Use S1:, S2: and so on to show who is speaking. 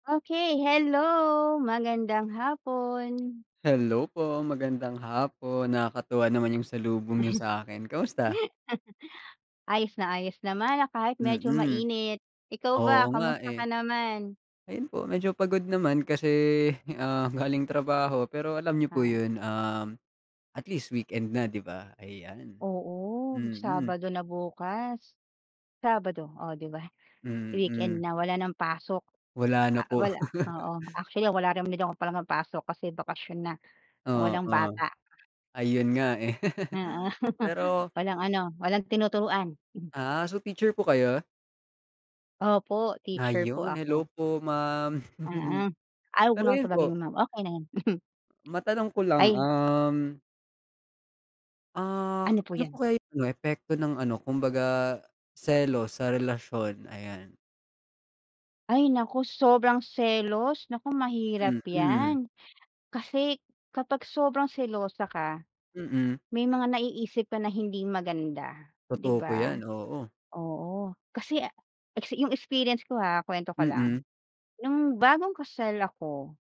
S1: Okey, hello! Magandang hapon.
S2: Hello po, magandang hapon! Nakakatuwa naman yung salubong niyo sa'kin, kamusta?
S1: Ayos na ayos naman na kahit medyo
S2: Mm,
S1: mainit, ikaw
S2: oo
S1: ba
S2: nga,
S1: kamusta
S2: eh.
S1: ka naman?
S2: Ayun po medyo pagod naman kasi, ah, galing trabaho pero alam niyo po
S1: Ah.
S2: yun, um, at least weekend na 'di ba? Ayan
S1: Oo,
S2: mm.
S1: Sabado na bukas. Sabado, oh, 'di ba weekend
S2: Mm.
S1: na wala ng pasok,
S2: Wala
S1: a
S2: na po.
S1: wala oo, actually wala [unintelligible] pasok kasi bakasyon na, walang
S2: Oo,
S1: bata.
S2: ayun nga eh.
S1: Oo,
S2: Pero
S1: walang ano, walang tinuturuan. Mm.
S2: Ah, so teacher po kayo?
S1: Opo, teacher po
S2: Ayun,
S1: ako.
S2: hello po ma'am!
S1: Mm. Ay, 'wag mo
S2: Pero
S1: na akong
S2: yun po
S1: tawaging ma'am, okey na 'yan.
S2: Matanong ko lang,
S1: Ay.
S2: um ah,
S1: Ano po
S2: ano
S1: 'yan?
S2: po kaya yung ano, epekto ng ano kumbaga selos sa relasyon? Ayan.
S1: Ay, naku sobrang selos, naku mahirap
S2: Mm.
S1: yan kasi kapag sobrang selosa ka,
S2: Mm.
S1: may mga naiisip ka na hindi maganda, 'di
S2: Totoo po
S1: ba?
S2: 'yan, oo.
S1: Oo, kasi, ah, exi yung experience ko, ha, kuwento ka lang,
S2: Mm.
S1: nung bagong kasal ako